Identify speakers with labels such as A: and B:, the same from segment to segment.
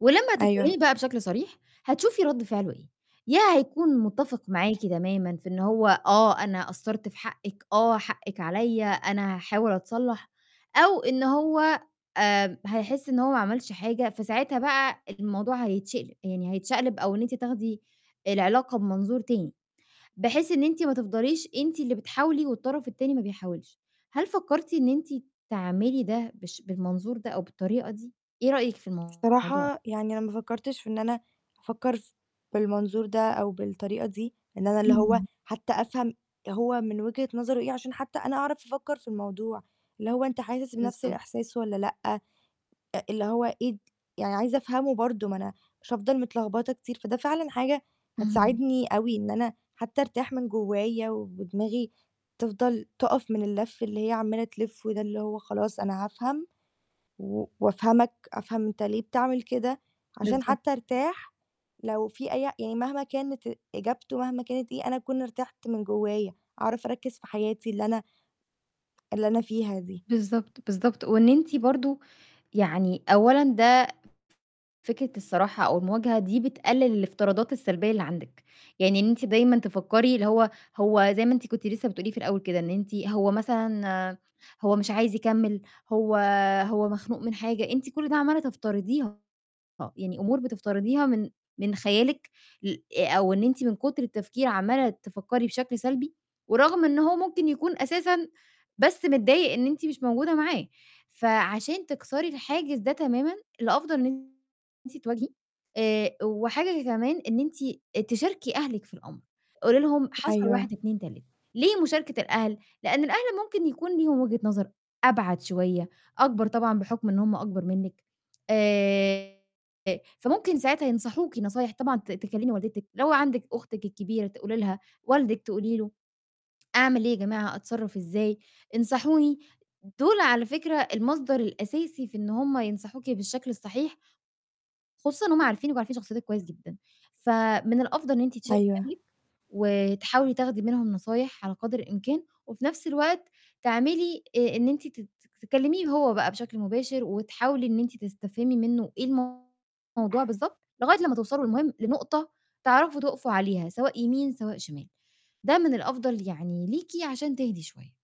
A: ولمّا هتتكلِّمي
B: أيوه.
A: بقى بشكل صريح، هتشوفي رَد فعله إيه، يا هيكون مُتّفق معاكِ تمامًا في إن هو "آه، أنا قصّرت في حقِّك، آه حقِّك عليّا، أنا هاحاول أتصلّح"، أو إن هو آآ هيحس إن هو ما عملش حاجة، فساعتها بقى الموضوع هيتشقل يعني هيتشقلب أو إن أنتِ تاخدي العلاقة بمنظور تاني، بحيث إن أنتِ ما تفضليش أنتِ اللي بتحاولي والطرف التاني ما بيحاولش. هل فكّرتِ إن أنتِ تعملي ده بالش بالمنظور ده أو بالطريقة دي؟ إيه رأيِك في الموضوع؟
B: الصراحة يعني أنا ما فكّرتش في إن أنا أفكّر ف بالمنظور ده أو بالطريقة دي، إن أنا اللي هو
A: إمم.
B: حتّى أفهم هو من وجهة نظره إيه، عشان حتّى أنا أعرف أفكّر في الموضوع، اللي هو أنت حاسس بنَفْس
A: بالضبط
B: الإحساس والّا لأ، أ اللي هو إيه د يعني عايزة أفهمه برضه، ما أنا مش هافضل متلخبطة كتير، فده فعلًا حاجة
A: اهم.
B: هتساعدني أوي إن أنا حتّى أرتاح من جوّايا وبدماغي تفضل تُقف من اللَف اللي هي عَمّالة تلِفّه ده، اللي هو خلاص أنا هافهم و وأفهّمِك، أفهم أنت ليه بتعمل كده، عشان
A: بالضبط.
B: حتّى أرتاح لو في أي يعني مهما كانت إجابته، مهما كانت إيه، أنا أكون ارتَحت من جوّايا، أعرف أركّز في حياتي اللي أنا اللي أنا فيها دي.
A: بالضبط، بالضبط. وإن أنتِ برضه يعني أولًا ده ف فكرة الصراحة أو المواجهة، دي بتقِّلل الإفتراضات السلبية اللي عندِك، يعني إن أنتِ دايمًا تفكّري اللي هو هو زي ما أنتِ كنتِ لسّه بتقولي في الأول كده، إن أنتِ هو مثلًا هو مش عايز يكمّل، هو هو مخنوق من حاجة؟ أنتِ كل ده عَمّالة تفترضيها، يعني أمور بتفترضيها من من خيالِك ل آآ أو إن أنتِ من كُتر التفكير عمّالة تفكّري بشكل سلبي ورغم إن هو ممكن يكون أساسًا بس متضايق إن أنتِ مش موجودة معاه، فعشان تكسري الحاجز ده تمامًا، الأفضل إن أنتِ تواجهي، آآ وحاجة كمان، إن أنتِ تشاركي أهلِك في الأمر، قولي لهم حصل
B: أيوه.
A: 1، 2، 3، ليه مشاركة الأهل؟ لإن الأهل ممكن يكون ليهم وجهة نظر أبعد شوية، أكبر طبعًا بحُكم إن هم أكبر منِّك، آآ فممكن ساعتها ينصحوكِ نصايح طبعًا ت تكلّمي والدتِك، لو عندِك أختِك الكبيرة تقولي لها، والدِك تقولي له: "أعمل إيه يا جماعة، أتصرّف إزاي؟ انصحوني." دُول على فكرة المصدر الأساسي في إن هم ينصحوكِ بالشكل الصحيح. خصوصًا إن هم عارفينِك وعارفين شخصيّتِك كويس جدًا، فمن الأفضل إن أنتِ تشاركي
B: أيوه.
A: أهلِك، وتحاولي تاخدي منهم نصايح على قدر الإمكان وفي نَفْس الوقت تعملي آآ إن أنتِ تت تكلّميه هو بقى بشكل مباشر وتحاولي إن أنتِ تستفهمي منّه إيه الموضوع بالضبط، لغاية لمّا توصلوا المهم لنقطة تعرفوا تُقفوا عليها، سواء يمين، سواء شمال. ده من الأفضل يعني ليكِ عشان تهدي شوية.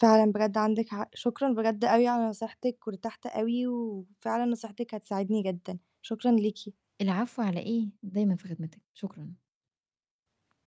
B: فعلًا بجد عندِك حق، شكرًا بجد أوي على نصيحتِك، وارتحت أوي وفعلًا نصيحتِك هتساعدني جدًا، شكرًا ليكِ.
A: العفو، على إيه؟ دايمًا في خدمتِك، شكرًا.